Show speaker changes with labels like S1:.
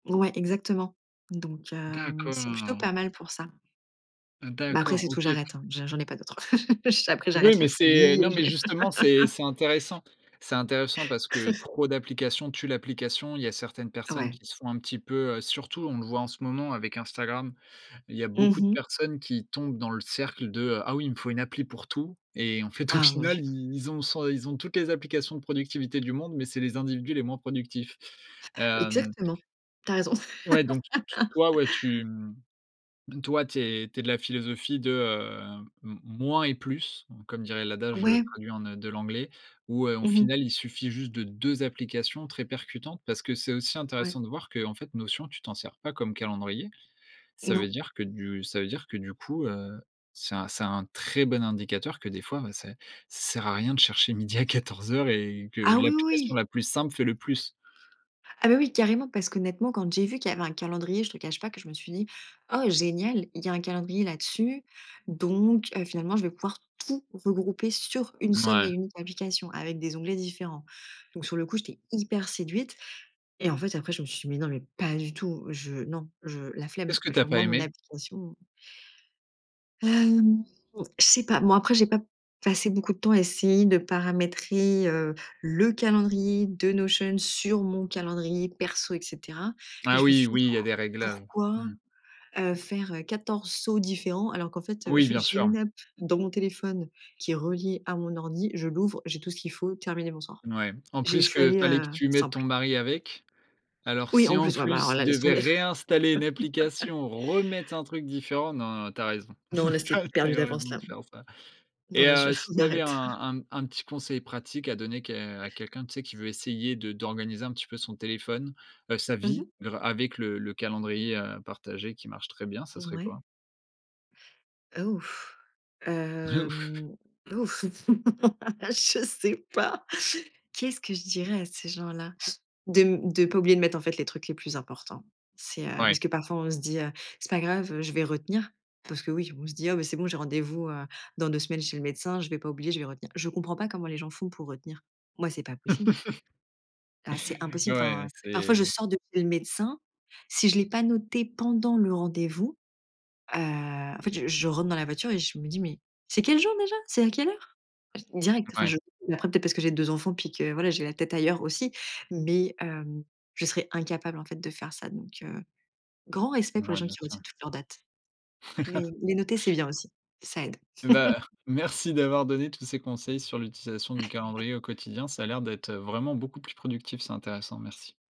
S1: Ouais exactement donc, hem, c'est plutôt
S2: D'accord.
S1: pas mal pour ça. Mais après
S2: D'accord
S1: c'est tout,
S2: OK.
S1: j'arrête, hein, je j'en ai pas d'autres. J après
S2: Oui,
S1: j'arrête la
S2: mais c'est
S1: folie, heu,
S2: non, mais
S1: je
S2: justement c'est c'est intéressant. C'est intéressant parce que trop d'applications tuent l'application, il y a certaines personnes
S1: Ouais.
S2: qui se font un petit peu, heu, surtout on le voit en ce moment avec Instagram. Il y a
S1: Mmh
S2: beaucoup de
S1: mh.
S2: personnes qui tombent dans le cercle de, heu,: «Ah oui, il me faut une appli pour tout» et en fait au
S1: Ah mon
S2: final,
S1: Dieu.
S2: ils ils ont 100 ils ont toutes les applications de productivité du monde, mais c'est les individus les moins productifs, hem
S1: Exactement, tu as raison.
S2: Ouais donc t t toi ouais tu mmh, donc toi tu es tu es de la philosophie de, hem, m moins et plus, hein, comme dirait l'adage, heu,
S1: Ouais.
S2: traduit en, heu, de l'anglais, où, heu, au
S1: Mmh mh.
S2: final il suffit juste de 2 applications très percutantes. Parce que c'est aussi
S1: Ouais.
S2: intéressant de voir qu'en fait Notion, tu t'en sers pas comme calendrier. Ça veut
S1: Non.
S2: dire que du ça veut dire que du coup, heu, c'est un c'est un très bon indicateur que des fois, heu, c'est ça sert à rien de chercher midi à quatorze heures et que
S1: Ah oui,
S2: l'application
S1: oui.
S2: la plus simple fait le plus.
S1: Ah beh, oui carrément parce qu'honnêtement quand j'ai vu qu'il y avait un calendrier, je te cache pas que je me suis dit: ««Oh génial, il y un calendrier là-dessus, donc, heu, finalement je vais pouvoir tout regrouper sur une seule et
S2: Mouais.
S1: unique application, avec des onglets différents». Donc sur le coup j'étais hyper séduite et en fait après je me suis dit: «Mais non mais pas du tout, je non je la flemme,
S2: Qu'est-ce que tu as
S1: genre
S2: pas
S1: moi mon
S2: aimé?
S1: application» Hem, je sais pas. Bon après, j'ai pas passé beaucoup de temps à essayer de paramétrer, heu, le calendrier de Notion sur mon calendrier perso et cetera. Mais
S2: Ah
S1: je me
S2: oui,
S1: suis dit:
S2: oui il y a des réglages,
S1: «Pourquoi,
S2: mmh.
S1: heu, faire, heu, 14 sauts différents alors qu'en fait, heu,
S2: Oui
S1: j'ai
S2: bien
S1: j'ai
S2: sûr.
S1: une app dans mon téléphone qui est reliée à mon ordi, je l'ouvre, j'ai tout ce qu'il faut terminé, bonsoir».
S2: Mouais. En
S1: J'ai je
S2: plus
S1: suis
S2: que
S1: allée,
S2: fallait que
S1: heu,
S2: tu mettes
S1: simple.
S2: ton mari avec. Alors
S1: Oui,
S2: si
S1: en
S2: en
S1: plus, ouais, bah, alors
S2: plus il
S1: là, laisse
S2: devait
S1: tomber.
S2: réinstaller une application, remettre un truc différent, non non, tu as raison,
S1: Non, là,
S2: tu
S1: c'est
S2: as tu as
S1: perdu
S2: eu
S1: d'avance
S2: raison
S1: là.
S2: de faire ça
S1: Non,
S2: et
S1: là, je
S2: heu, si
S1: on
S2: tu avais un
S1: arrête.
S2: un un petit conseil pratique à donner que à quelqu'un, tu sais, qui veut essayer de d'organiser un petit peu son téléphone, heu, sa
S1: Mmh
S2: vie,
S1: mh.
S2: grâ avec le le calendrier, heu, partagé qui marche très bien, ça serait
S1: Ouais.
S2: quoi?
S1: Heu, ouf,
S2: De ouf.
S1: hem, ouf je sais pas. Qu'est ce que je dirais à ces gens-là? De m de pas oublier de mettre en fait les trucs les plus importants. C'est, heu, parce
S2: Ouais.
S1: que parfois on se dit, heu: «C'est pas grave, heu, je vais retenir» parce que oui, on se dit: «Oh bah, c'est bon, j'ai rendez-vous à dans 2 semaines chez le médecin, je vais pas oublier, je vais retenir». Je comprends pas comment les gens font pour retenir. Moi, c'est pas possible. Ah c'est
S2: Ouais,
S1: impossible
S2: ouais,
S1: enfin. Parfois, je
S2: c'est
S1: sors de chez le médecin. Si je l'ai pas noté pendant le rendez-vous, heu, en fait, je je rentre dans la voiture et je me dis: «Mais c'est quel jour déjà? C'est à quelle heure?». Ah j direct, enfin,
S2: Ouais.
S1: je après peut-être parce que j'ai 2 enfants, puis que voilà, j'ai la tête ailleurs aussi. Mais, hem, je serais incapable en fait de faire ça. Donc, heu, grand respect pour les
S2: Ouais
S1: gens
S2: bien
S1: qui retiennent
S2: sûr.
S1: toutes leurs dates. Mais les noter, c'est bien aussi, ça aide.
S2: Bah, merci d'avoir donné tous ces conseils sur l'utilisation du calendrier au quotidien, ça a l'air d'être, heu, vraiment beaucoup plus productif, c'est intéressant merci.